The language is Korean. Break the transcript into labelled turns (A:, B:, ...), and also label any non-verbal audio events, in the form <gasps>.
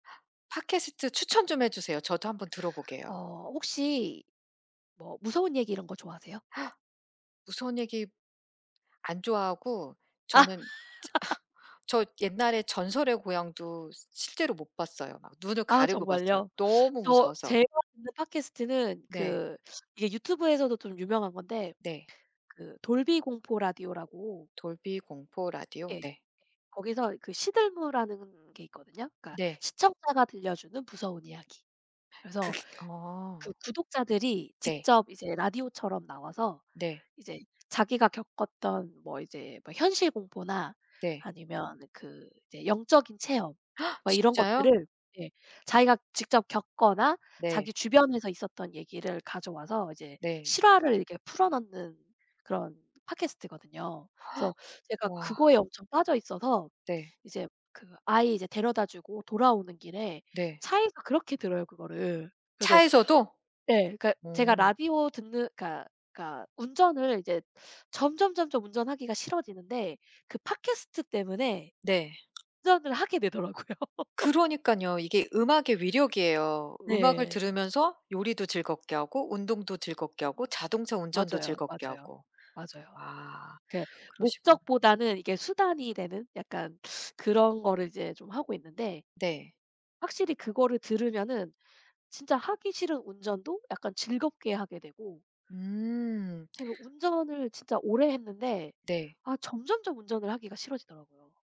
A: 팟캐스트 추천 좀 해 주세요. 저도 한번 들어 보게요.
B: 어 혹시 뭐 무서운 얘기 이런 거 좋아하세요?
A: <gasps> 무서운 얘기 안 좋아하고
B: 아.
A: 저는
B: <laughs>
A: 저 옛날에 전설의 고향도 시 실제로 못 봤어요. 눈을
B: 아
A: 가리고 봤어요,
B: 정말요?
A: 너무
B: 저
A: 무서워서.
B: 제가 듣는 팟캐스트는
A: 네.
B: 그 이게 유튜브에서도 좀 유명한 건데
A: 네.
B: 그 돌비 공포 라디오라고
A: 돌비 공포 라디오.
B: 예.
A: 네.
B: 거기서 그 시들무라는 게 있거든요. 그러니까
A: 네.
B: 시청자가 들려주는 무서운 이야기. 그래서
A: 그게
B: 그
A: 어.
B: 구독자들이
A: 네.
B: 직접 이제 라디오처럼 나와서
A: 네.
B: 이제 자기가 겪었던 뭐 이제 뭐 현실 공포나,
A: 네.
B: 아니면 그 이제 영적인 체험
A: <gasps>
B: 뭐 이런
A: 진짜요?
B: 것들을 예 자기가 직접 겪거나
A: 네.
B: 자기 주변에서 있었던 얘기를 가져 와서 이제
A: 네.
B: 실화를 이렇게 풀어 넣는 그런 팟캐스트거든요. 그래서
A: <gasps>
B: 제가
A: 와.
B: 그거에 엄청 빠져 있어서
A: 네.
B: 이제 그 아이 이제 데려다 주고 돌아오는 길에
A: 네.
B: 차에서 그렇게 들어요, 그거를. 그래서
A: 차에서도?
B: 예. 그러니까 제가
A: 어.
B: 라디오 듣는 그니까 까 운전을 이제 점점점점 운전하기가 싫어지는데 그 팟캐스트 때문에
A: 네.
B: 운전을 하게 되더라고요. <laughs>
A: 그러니까요. 이게 음악의 위력이에요. 음악을
B: 네.
A: 들으면서 요리도 즐겁게 하고 운동도 즐겁게 하고 자동차 운전도
B: 맞아요,
A: 즐겁게
B: 맞아요.
A: 하고.
B: 맞아요.
A: 아
B: 그
A: 그러시구나.
B: 목적보다는 이게 수단이 되는 약간 그런 거를 이제 좀 하고 있는데
A: 네.
B: 확실히 그거를 들으면은 진짜 하기 싫은 운전도 약간 즐겁게 하게 되고.
A: 음.
B: 제가 운전을 진짜 오래 했는데
A: 네.
B: 아 점점점 운전을 하기가 싫어지더라고요.